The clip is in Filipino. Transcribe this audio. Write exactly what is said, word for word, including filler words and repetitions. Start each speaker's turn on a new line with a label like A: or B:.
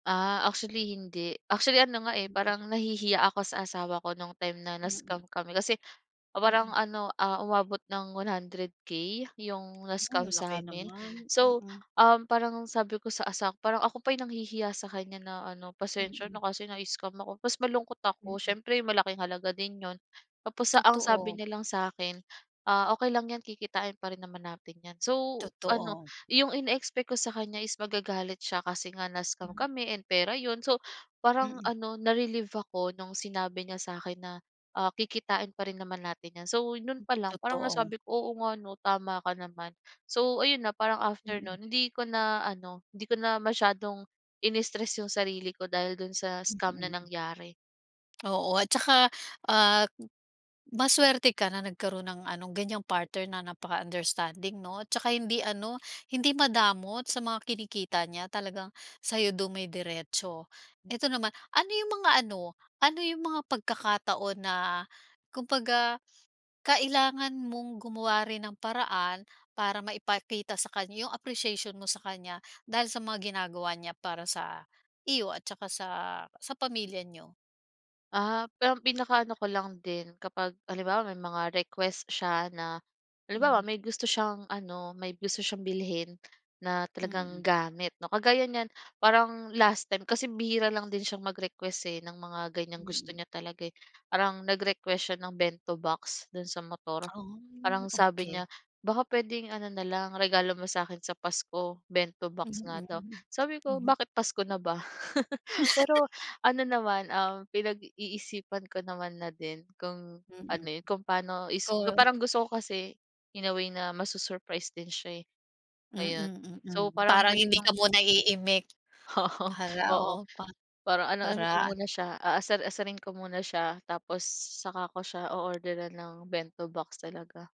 A: Ah, actually hindi. Actually, ano nga, eh,
B: Mm.
A: parang nahihiya ako sa asawa ko no'ng time na
B: Mm.
A: na-scam kami kasi, parang
B: Mm.
A: ano, ah, umabot ng one hundred K 'yong
B: Hmm,
A: na-scam
B: laki
A: sa'min.
B: naman,
A: So,
B: mm.
A: um, parang sabi ko sa asa parang ako pa 'yong nanghihiya sa kanya na ano, "Pasensya
B: Mm.
A: na kasi na-scam ako", 'pos malungkot ako,
B: Mm.
A: siyempre malaking halaga din 'yon. Tapos ang sabi
B: Totoo.
A: niya lang sa'kin, ah, "Okey lang 'yan, kikitain pa rin naman natin 'yan". So, ano,
B: Totoo.
A: 'yong ine-expect ko sa kanya is magagalit siya, kasi nga na-scam
B: Hmm.
A: kami, and pera 'yon, so, parang
B: Mm.
A: ano, na-relieve ako no'ng sinabi niya sa'kin na, ah, "Kikitain pa rin naman natin 'yan". So, no'n
B: Hmm,
A: pa lang parang
B: totoo.
A: nasabi ko, "Oo nga 'no, tama ka naman". So, ayun na, parang after
B: Mm.
A: no'n, hindi ko na ano, hindi ko na masyadong inistress 'yong sarili ko, dahil do'n sa scam na
B: Mm.
A: nangyari.
B: Oo, at saka, ah, masuwerte ka, na nagkaroon ng anong ganiyang partner na napaka-understanding 'no, 'tsaka hindi ano, hindi madamot sa mga kinikita niya, talagang sa'yo dumidiretso. Eto naman, ano 'yong mga ano, ano 'yong mga pagkakataon na, kumbaga, kailangan mong gumawa rin ng paraan, para maipakita sa kanya 'yong appreciation mo sa kanya, dahil sa mga ginagawa niya para sa, iyo at tsaka sa, sa pamilya niyo?
A: Ah, pero pinakaano ko lang din kapag, halimbawa, may mga request siya na,
B: Hmm.
A: halimbawa may gusto siyang ano, may gusto siyang bilhin, na talagang
B: Mm.
A: gamit 'no, kagaya niyan, parang last time, kasi bihira lang din siyang mag-request eh, ng mga ganiyang gusto
B: Mm.
A: niya talaga, eh. Parang nag-request siya ng bento box, do'n sa motor. Parang
B: Oh,
A: sabi
B: okey.
A: niya, "Baka puwedeng ano na lang, regalo mo sa'kin sa Pasko", bento box nga
B: Mm,
A: daw.
B: mm,
A: Sabi ko,
B: hmm.
A: "Bakit Pasko na ba?" Pero, ano naman, um, pinag-iisipan ko naman na din kung, ano
B: Mm.
A: 'yon, kung pa'no is gu
B: Call.
A: parang gusto ko kasi, in a way na, masu-surprise din siya, eh, ngayon.
B: Mm,
A: So,
B: mm.
A: parang
B: Parang
A: gano'n
B: hindi
A: 'yong
B: ka muna iimik, para,
A: Oo,
B: oh, pa
A: parang ano-ano ko
B: para an
A: muna siya, aasar-asarin ko muna siya, tapos saka ko siya o-order-ran ng bento box talaga.